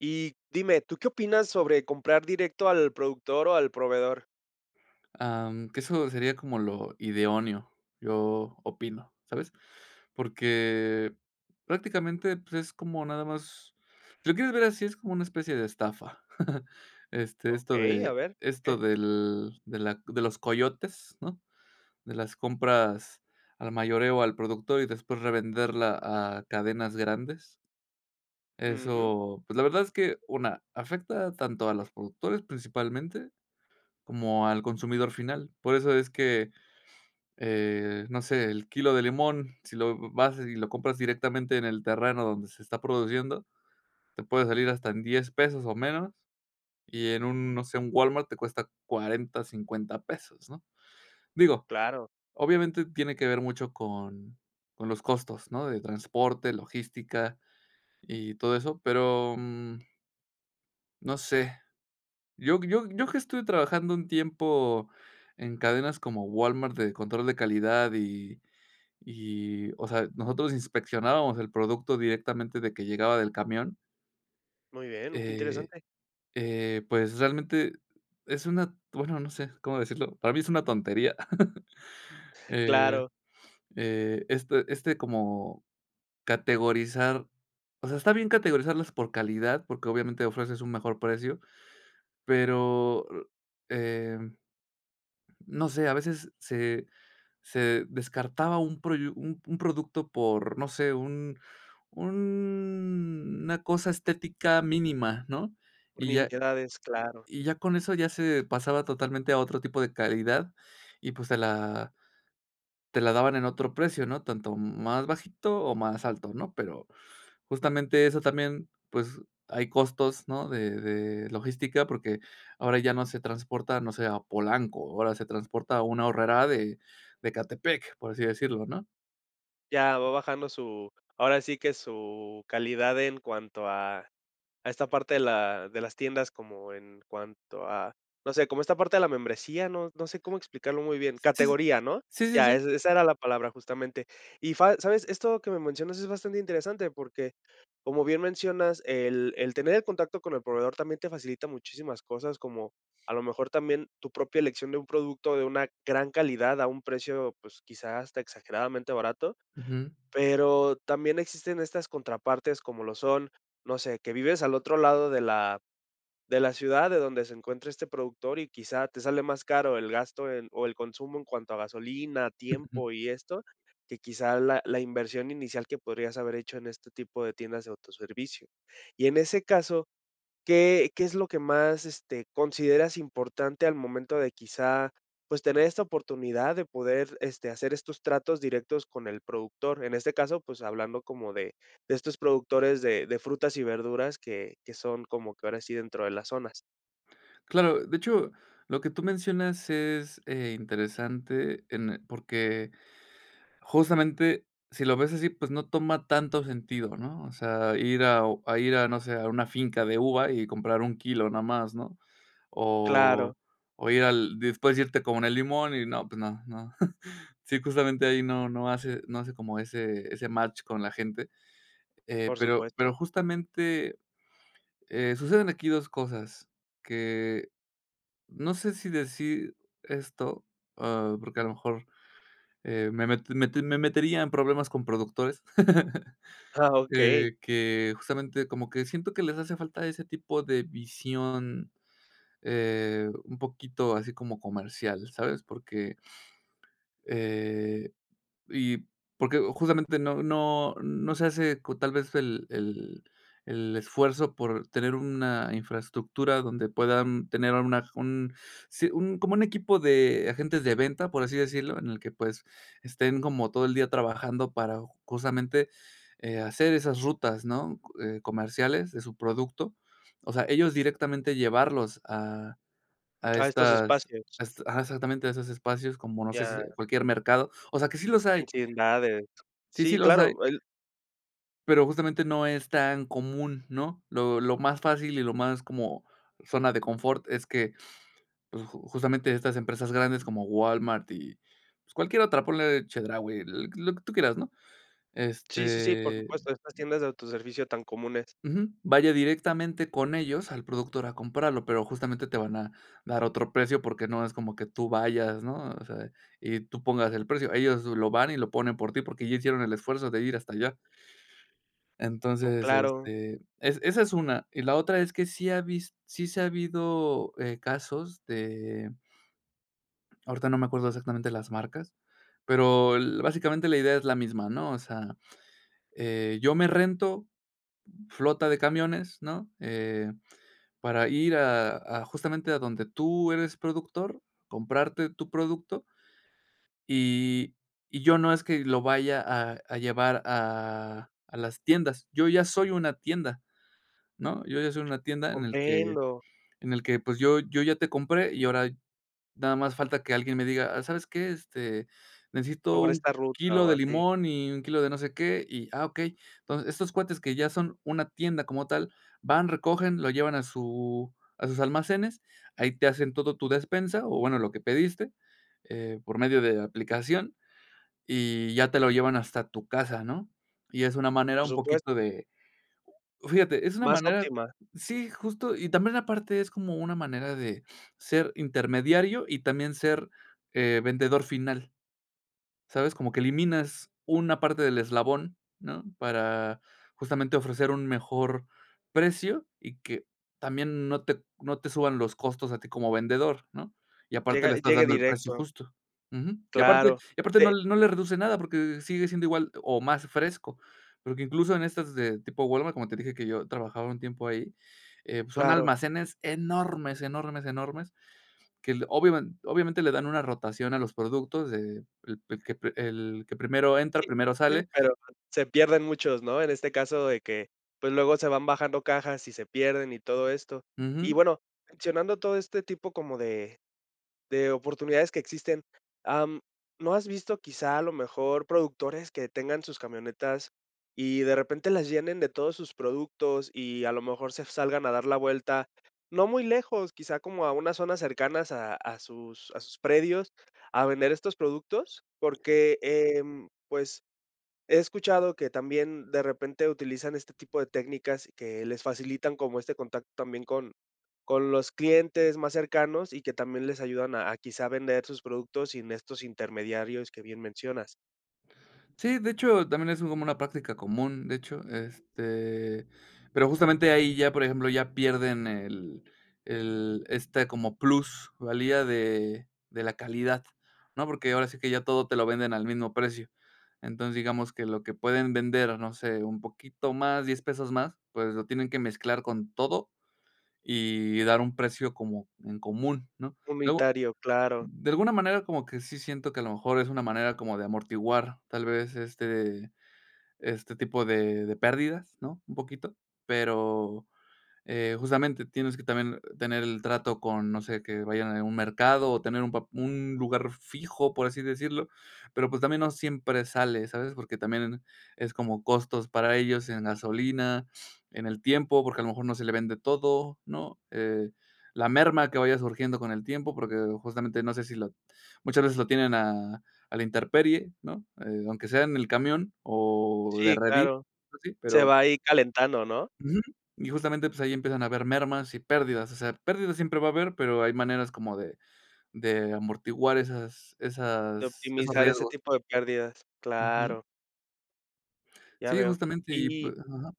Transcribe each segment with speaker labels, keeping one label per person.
Speaker 1: Y dime, ¿tú qué opinas sobre comprar directo al productor o al proveedor?
Speaker 2: Am, que eso sería como lo idóneo, yo opino, ¿sabes?, porque, prácticamente, pues, es como nada más si lo quieres ver así, es como una especie de estafa. Este, esto
Speaker 1: Okey, a
Speaker 2: de
Speaker 1: ver,
Speaker 2: esto
Speaker 1: ¿porque?
Speaker 2: del de la de los coyotes, ¿no?, de las compras al mayoreo al productor y después revenderla a cadenas grandes.
Speaker 1: Ujú.
Speaker 2: Eso, pues, la verdad es que, 1, afecta tanto a los productores principalmente, como al consumidor final. Por eso es que, eh, no sé, el kilo de limón, si lo v vas y lo compras directamente en el terreno donde se está produciendo, te puede salir hasta en $10 pesos o menos, y en un, no sé, un Walmart te cuesta $40, $50 pesos, ¿no?, digo,
Speaker 1: Claro.
Speaker 2: obviamente, tiene que ver mucho con con los costos, ¿no?, de transporte, logística y todo eso, pero, mm No sé. Yo yo yo que estuve trabajando un tiempo en cadenas como Walmart de control de calidad y y, o sea, nosotros inspeccionábamos el producto directamente desde que llegaba del camión
Speaker 1: Muy bien, mm, qué
Speaker 2: Eh
Speaker 1: interesante.
Speaker 2: eh, pues, realmente es una bueno, no sé, cómo decirlo, para mí es una tontería, eh
Speaker 1: Claro.
Speaker 2: eh este este como categorizar o sea, está bien categorizarlas por calidad, porque obviamente ofreces un mejor precio, pero, eh, no sé, a veces se se descartaba un proyu u un producto por, no sé, un una cosa estética mínima, ¿no?,
Speaker 1: Por
Speaker 2: y ya
Speaker 1: nimiedades, claro.
Speaker 2: y ya con eso ya se pasaba totalmente a otro tipo de calidad y, pues, te la te la daban en otro precio, ¿no?, tanto más bajito o más alto, ¿no?, pero justamente eso también, pues, hay costos, ¿no?, de de logística, porque ahora ya no se transporta, no sé, a Polanco, ahora se transporta a un Aurrera de de Ecatepec, por así decirlo ¿no?
Speaker 1: Ya, va bajando su ahora sí que su calidad en cuanto a a esta parte de la de las tiendas como en cuanto a no sé, como esta parte de la membresía, no no sé cómo explicarlo muy bien
Speaker 2: Sí, sí.
Speaker 1: categoría, ¿no?,
Speaker 2: Sí, sí,
Speaker 1: ya,
Speaker 2: sí.
Speaker 1: esa esa era la palabra justamente, y fa ¿sabes?, esto que me mencionas es bastante interesante, porque como bien mencionas, el el tener el contacto con el proveedor también te facilita muchísimas cosas, como a lo mejor, también tu propia elección de un producto de una gran calidad a un precio, pues, quizá hasta exageradamente barato,
Speaker 2: Ujú.
Speaker 1: pero también existen estas contrapartes, como lo son, no sé, que vives al otro lado de la de la ciudad de donde se encuentra este productor y quizá te sale más caro el gasto en o el consumo en cuanto a gasolina, tiempo y esto, que quizá la la inversión inicial que podrías haber hecho en este tipo de tiendas de autoservicio. Y en ese caso, ¿qué qué es lo que más, este, consideras importante al momento de quizá, pues, tener esta oportunidad de poder, este, hacer estos tratos directos con el productor? En este caso, pues, hablando como de de estos productores de de frutas y verduras que que son como que ahora sí dentro de las zonas.
Speaker 2: Claro, de hecho, lo que tú mencionas es, eh, interesante en porque justamente si lo ves así, pues no toma tanto sentido, ¿no? O sea, ir a a ir a, no sé, a una finca de uva, y comprar 1 kilo no más, ¿no?
Speaker 1: Claro.
Speaker 2: O o ir al después irte con el limón y no, pues no no. Sí, justamente ahí no no hace no hace como ese ese match con la gente, eh,
Speaker 1: Por
Speaker 2: pero,
Speaker 1: supuesto.
Speaker 2: pero justamente, eh, suceden aquí 2 cosas, que, no sé si decir esto, ah, porque a lo mejor, eh, me mete me te me metería en problemas con productores,
Speaker 1: Ah, okey.
Speaker 2: eh, que justamente como que siento que les hace falta ese tipo de visión, eh, un poquito así como comercial, ¿sabes?, porque eh, y, porque justamente no no no se hace cu tal vez el el el esfuerzo por tener una infraestructura, donde puedan tener una un Sí, un como un equipo de agentes de venta, por así decirlo, en el que, pues, estén como todo el día trabajando para, justamente, eh, hacer esas rutas, ¿no?, co eh, comerciales de su producto. O sea, ellos directamente llevarlos a a
Speaker 1: A estos
Speaker 2: estas
Speaker 1: espacios.
Speaker 2: a este Ajá, exactamente a esos espacios, como no sé si
Speaker 1: Claro.
Speaker 2: cualquier mercado. O sea, que sí los hay.
Speaker 1: Sin nada de
Speaker 2: Sí, sí
Speaker 1: Sí
Speaker 2: los hay.
Speaker 1: claro, el
Speaker 2: Pero, justamente no es tan común, ¿no? Lo lo más fácil, y lo más como zona de confort es que, pues, ju justamente estas empresas grandes como Walmart, y, pues, cualquier otra, ponle Chedraui, l lo que tú quieras, ¿no?
Speaker 1: Sí, sí, sí, por
Speaker 2: Este
Speaker 1: supuesto, estas tiendas de autoservicio tan comunes.
Speaker 2: Ujú, vaya directamente con ellos al productor a comprarlo, pero, justamente, te van a dar otro precio, porque no es como que tú vayas, ¿no? O o sea, y tú pongas el precio. Ellos lo van y lo ponen por ti, porque ya hicieron el esfuerzo de ir hasta allá. Entonces,
Speaker 1: Claro.
Speaker 2: este, es esa es una. Y la otra es que sí ha vis sí se ha habido, eh, casos de ahorita no me acuerdo exactamente las marcas, pero, el básicamente la idea es la misma, ¿no? O sea, eh, yo me rento, flota de camiones, ¿no?, eh, para ir a a justamente a donde tú eres productor, comprarte tu producto y y yo no es que lo vaya a a llevar a a las tiendas. Yo ya soy una tienda, ¿no? Yo ya soy una tienda en el que
Speaker 1: Comprendo.
Speaker 2: en el que, pues, yo yo ya te compré, y ahora nada más falta que alguien me diga: "Ah, ¿sabes qué?, este, necesito
Speaker 1: Sobre
Speaker 2: 1
Speaker 1: esta ruta
Speaker 2: kilo
Speaker 1: o
Speaker 2: de
Speaker 1: así.
Speaker 2: limón, y 1 kilo de no sé qué, y, ah, okey". Entonces, estos cuates que ya son una tienda como tal, van, recogen, lo llevan a su a sus almacenes, ahí te hacen todo tu despensa, o bueno, lo que pediste, eh, por medio de aplicación, y ya te lo llevan hasta tu casa, ¿no? Y es una manera
Speaker 1: Por
Speaker 2: un poquito
Speaker 1: supuesto.
Speaker 2: de Fíjate, es una
Speaker 1: Más
Speaker 2: manera
Speaker 1: óptima.
Speaker 2: Sí, justo, y también aparte es como una manera de ser intermediario, y también ser, eh, vendedor final, ¿sabes? Como que eliminas una parte del eslabón, ¿no?, para, justamente, ofrecer un mejor precio, y que también no te no te suban los costos a ti como vendedor, ¿no? Y aparte
Speaker 1: Llega
Speaker 2: le estás
Speaker 1: llegue
Speaker 2: dando el precio
Speaker 1: directo.
Speaker 2: justo, ujú. Y aparte
Speaker 1: Claro,
Speaker 2: y aparte no
Speaker 1: pe
Speaker 2: no le reduce nada, porque sigue siendo igual o más fresco. Porque, incluso, en estas de tipo Walmart, como te dije que yo trabajaba un tiempo ahí, eh, pues son
Speaker 1: Claro.
Speaker 2: almacenes enormes, enormes, enormes que el obiamen-obviamente, le dan una rotación a los productos de el el que el que primero entra,
Speaker 1: Sí,
Speaker 2: primero
Speaker 1: sí,
Speaker 2: sale.
Speaker 1: pero pues se pierden muchos, ¿no? En este caso de que, pues, luego se van bajando cajas, y se pierden y todo esto. Y,
Speaker 2: Ujú.
Speaker 1: bueno, mencionando todo este tipo como de de oportunidades que existen, am, ¿no has visto quizá a lo mejor productores que tengan sus camionetas, y de repente las llenen de todos sus productos y a lo mejor se salgan a dar la vuelta, no muy lejos, quizá, como a unas zonas cercanas a sus a sus predios a vender estos productos? Porque, em, pues, he escuchado que también de repente utilizan este tipo de técnicas que les facilitan como este contacto también con con los clientes más cercanos, y que también les ayudan a a, quizá, vender sus productos sin estos intermediarios que bien mencionas.
Speaker 2: Sí, de hecho, también es como una práctica común, de hecho, este pero justamente ahí ya, por ejemplo, ya pierden el el, este, como plus valía de de la calidad, ¿no? Porque ahora sí que ya todo te lo venden al mismo precio. Entonces, digamos, que lo que pueden vender, no sé, un poquito más, $10 pesos más, pues lo tienen que mezclar con todo, y dar un precio como en común, ¿no? Luego
Speaker 1: Unitario, claro.
Speaker 2: de alguna manera, como que sí siento que a lo mejor es una manera como de amortiguar, tal vez, este este tipo de de pérdidas, ¿no?, un poquito, pero, eh, justamente tienes que también tener el trato con no sé, que vayan a un mercado, o tener un pap un lugar fijo, por así decirlo, pero, pues, también no siempre sale, ¿sabes? Porque también es como costos para ellos en gasolina, en el tiempo, porque a lo mejor no se le vende todo, ¿no?, eh, la merma que vaya surgiendo con el tiempo, porque justamente no sé si la muchas veces lo tienen a a la intemperie, ¿no?, eh, aunque sea en el camión, o de
Speaker 1: Sí,
Speaker 2: redilas
Speaker 1: claro.
Speaker 2: así,
Speaker 1: Se
Speaker 2: pero
Speaker 1: va ahí calentando, ¿no?
Speaker 2: Uju, y justamente pues, ahí empiezan a haber mermas y pérdidas. O sea, pérdidas siempre va a haber, pero hay maneras como de de amortiguar esas
Speaker 1: De
Speaker 2: esas esos
Speaker 1: optimizar ese
Speaker 2: riesgos.
Speaker 1: tipo de pérdidas,
Speaker 2: Uju.
Speaker 1: claro. Ya
Speaker 2: Sí,
Speaker 1: veo.
Speaker 2: justamente y,
Speaker 1: Y
Speaker 2: pues ajá.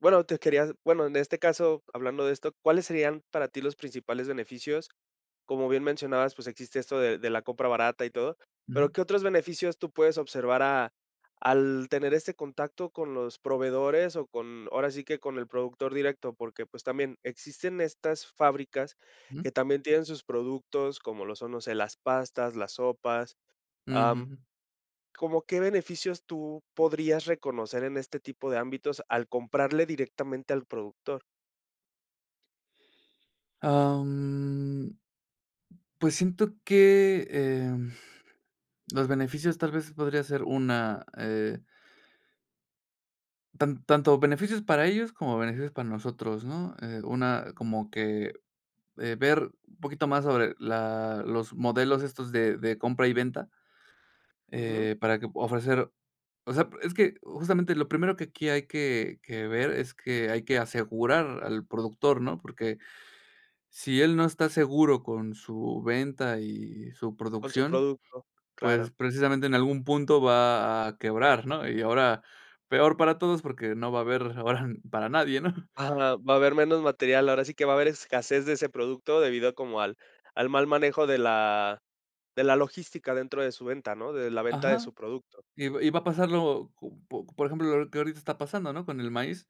Speaker 1: bueno, te quería bueno, en este caso, hablando de esto, ¿cuáles serían para ti los principales beneficios? Como bien mencionabas, pues, existe esto de de la compra barata y todo, pero
Speaker 2: Ujú.
Speaker 1: ¿qué otros beneficios tú puedes observar a al tener este contacto con los proveedores o con, ahora sí que, con el productor directo? Porque, pues, también existen estas fábricas
Speaker 2: Ujú.
Speaker 1: que también tienen sus productos, como lo son, no sé, las pastas, las sopas, am,
Speaker 2: Ujú.
Speaker 1: ¿cómo qué beneficios tú podrías reconocer en este tipo de ámbitos al comprarle directamente al productor?
Speaker 2: Am. Pues, siento que, em, los beneficios, tal vez, podría ser una, eh Tan tanto beneficios para ellos como beneficios para nosotros, ¿no?, eh, una como que, eh, ver un poquito más sobre la los modelos estos de de compra y venta,
Speaker 1: Ujú.
Speaker 2: eh, para que pue ofrecer o sea, es que, justamente, lo primero que aquí hay que que ver es que hay que asegurar al productor, ¿no?, porque si él no está seguro con su venta y su
Speaker 1: Con su
Speaker 2: producción,
Speaker 1: producto, claro.
Speaker 2: pues, precisamente, en algún punto va a quebrar, ¿no?, y ahora peor para todos, porque no va a haber ahora n para nadie, ¿no?
Speaker 1: Ajá, va a haber menos material, ahora sí que, va a haber escasez de ese producto, debido como al al mal manejo de la de la logística dentro de su venta, ¿no?, de la venta de
Speaker 2: Ajá.
Speaker 1: su producto.
Speaker 2: Y va y va a pasarlo, co po por ejemplo, lo que ahorita está pasando, ¿no?, con el maíz,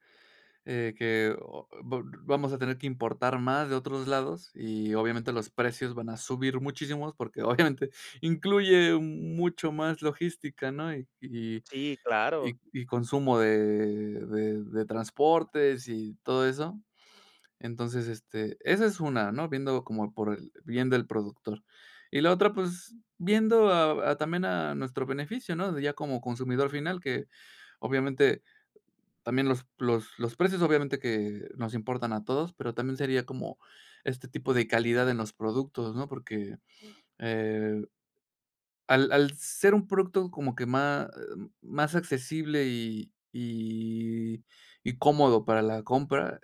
Speaker 2: eh, que o vol vamos a tener que importar más de otros lados y, obviamente, los precios van a subir muchísimos, porque, obviamente, incluye m mucho más logística, ¿no? y y
Speaker 1: Sí, claro.
Speaker 2: y y consumo de de de transportes y todo eso. Entonces, este, esa es una, ¿no?, viéndolo como por el bien del productor, y la otra, pues, viendo a a también a nuestro beneficio, ¿no?, de ya como consumidor final que, obviamente, también los los los precios, obviamente, que nos importan a todos, pero también sería como este tipo de calidad en los productos, ¿no?, porque, eh al al ser un producto como que má eh, más accesible y y y cómodo para la compra,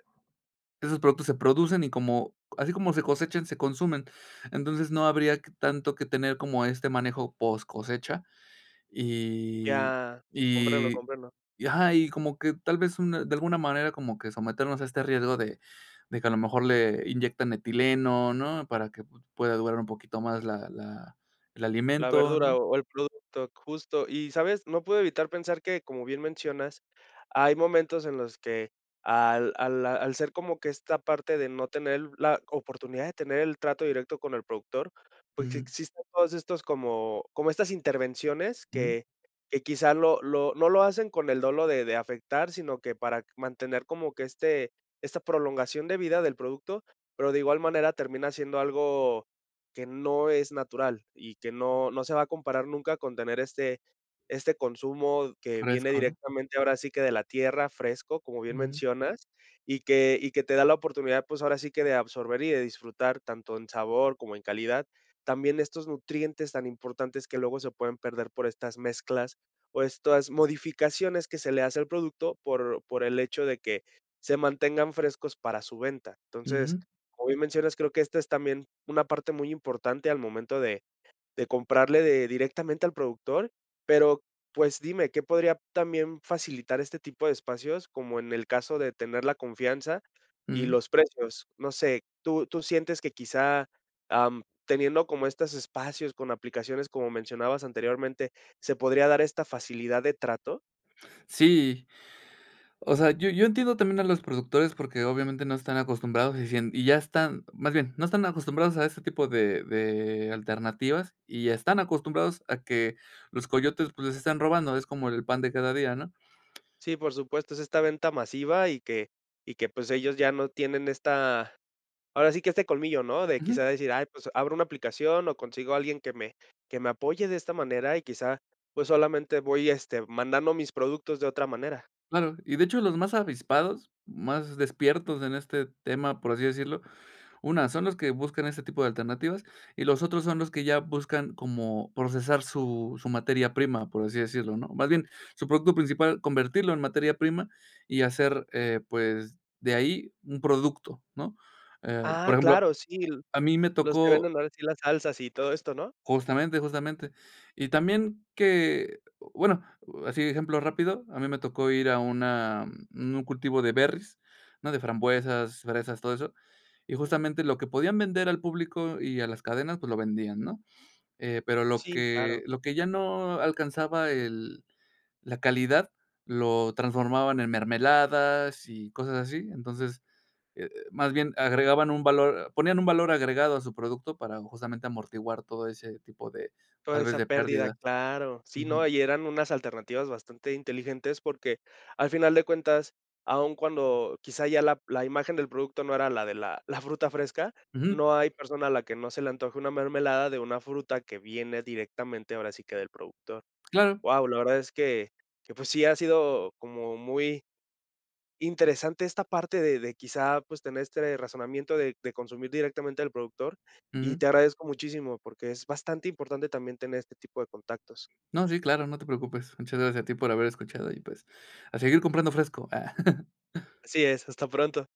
Speaker 2: esos productos se producen y como así como se cosechan, se consumen, entonces, no habría que tanto que tener como este manejo poscosecha y
Speaker 1: Ya. Comprendo,
Speaker 2: y
Speaker 1: comprendo.
Speaker 2: y ajá. Y como que, tal vez, una de alguna manera como que someternos a este riesgo de de que a lo mejor le inyectan etileno, ¿no?, para que pu pueda durar un poquito más la la el
Speaker 1: La
Speaker 2: alimento,
Speaker 1: verdura
Speaker 2: ¿no?
Speaker 1: o o el producto. Justo, y, ¿sabes?, no puedo evitar pensar que, como bien mencionas, hay momentos en los que al a la al ser como que esta parte de no tener la oportunidad de tener el trato directo con el productor, pues,
Speaker 2: Ujú.
Speaker 1: existen todos estos como como estas intervenciones
Speaker 2: Ujú.
Speaker 1: que que quizá lo lo no lo hacen con el dolo de de afectar, sino que para mantener como que este esta prolongación de vida del producto, pero, de igual manera, termina siendo algo que no es natural y que no no se va a comparar nunca con tener este este consumo que viene
Speaker 2: Fresco, ¿no?
Speaker 1: directamente, ahora sí que, de la tierra, fresco, como bien
Speaker 2: Ujú.
Speaker 1: mencionas, y que y que te da la oportunidad, pues, ahora sí que, de absorber y de disfrutar tanto en sabor como en calidad, también estos nutrientes tan importantes que luego se pueden perder por estas mezclas o estas modificaciones que se le hace al producto por por el hecho de que se mantengan frescos para su venta. Entonces,
Speaker 2: Ujú.
Speaker 1: como bien mencionas, creo que esta es también una parte muy importante al momento de de comprarle de directamente al productor, pero, pues, dime, ¿qué podría también facilitar este tipo de espacios?, como en el caso de tener la confianza y
Speaker 2: Ujú.
Speaker 1: los precios, no sé, ¿tú tú sientes que quizá, am, teniendo como estos espacios con aplicaciones, como mencionabas anteriormente, se podría dar esta facilidad de trato?
Speaker 2: Sí, o sea, yo yo entiendo también a los productores porque, obviamente, no están acostumbrados y sien y ya están, más bien, no están acostumbrados a ese tipo de de alternativas, y están acostumbrados a que los coyotes, pues, les están robando, es como el pan de cada día, ¿no?
Speaker 1: Sí, por supuesto, es esta venta masiva y que y que, pues, ellos ya no tienen esta, ahora sí que, este colmillo, ¿no?, de
Speaker 2: Ujú.
Speaker 1: quizá decir: "Ay, pues, abro una aplicación o consigo a alguien que me que me apoye de esta manera y quizá, pues, solamente, voy, este, mandando mis productos de otra manera".
Speaker 2: Claro, y de hecho los más avispados, más despiertos en este tema, por así decirlo, una, son los que buscan ese tipo de alternativas, y los otros son los que ya buscan como procesar su su materia prima, por así decirlo, ¿no?, más bien, su producto principal, convertirlo en materia prima y hacer, eh, pues, de ahí, un producto, ¿no?, eh, por
Speaker 1: Ah,
Speaker 2: ejemplo,
Speaker 1: claro, sí, lo
Speaker 2: a mí me
Speaker 1: los que
Speaker 2: tocó
Speaker 1: venden ahora sí las salsas y todo esto, ¿no?
Speaker 2: Justamente, justamente. Y también que bueno, así de ejemplo rápido, a mí me tocó ir a una, mm un cultivo de berries, ¿no?, de frambuesas, fresas, todo eso, y, justamente, lo que podían vender al público y a las cadenas, pues, lo vendían, ¿no?, eh, pero lo
Speaker 1: Sí, claro.
Speaker 2: que lo que ya no alcanzaba el la calidad, lo transformaban en mermeladas y cosas así. Entonces, eh eh, más bien agregaban un valor ponían un valor agregado a su producto para, justamente, amortiguar todo ese tipo de,
Speaker 1: Toda
Speaker 2: tal vez
Speaker 1: esa
Speaker 2: de
Speaker 1: pérdida.
Speaker 2: pérdidas.
Speaker 1: Claro. Sí, no,
Speaker 2: Ujú.
Speaker 1: y eran unas alternativas bastante inteligentes, porque, al final de cuentas, aún cuando quizá ya la la imagen del producto no era la de la la fruta fresca,
Speaker 2: Ujú.
Speaker 1: no hay persona a la que no se le antoje una mermelada de una fruta que viene directamente, ahora sí que, del productor.
Speaker 2: Claro.
Speaker 1: Guau, la verdad es que que, pues, sí ha sido como muy interesante esta parte de de quizá, pues, tener este razonamiento de de consumir directamente del productor, y
Speaker 2: Ujú.
Speaker 1: te agradezco muchísimo, porque es bastante importante también tener este tipo de contactos.
Speaker 2: No, sí, claro, no te preocupes. Muchas gracias a ti por haber escuchado y, pues, a seguir comprando fresco. Ah.
Speaker 1: Así es, hasta pronto.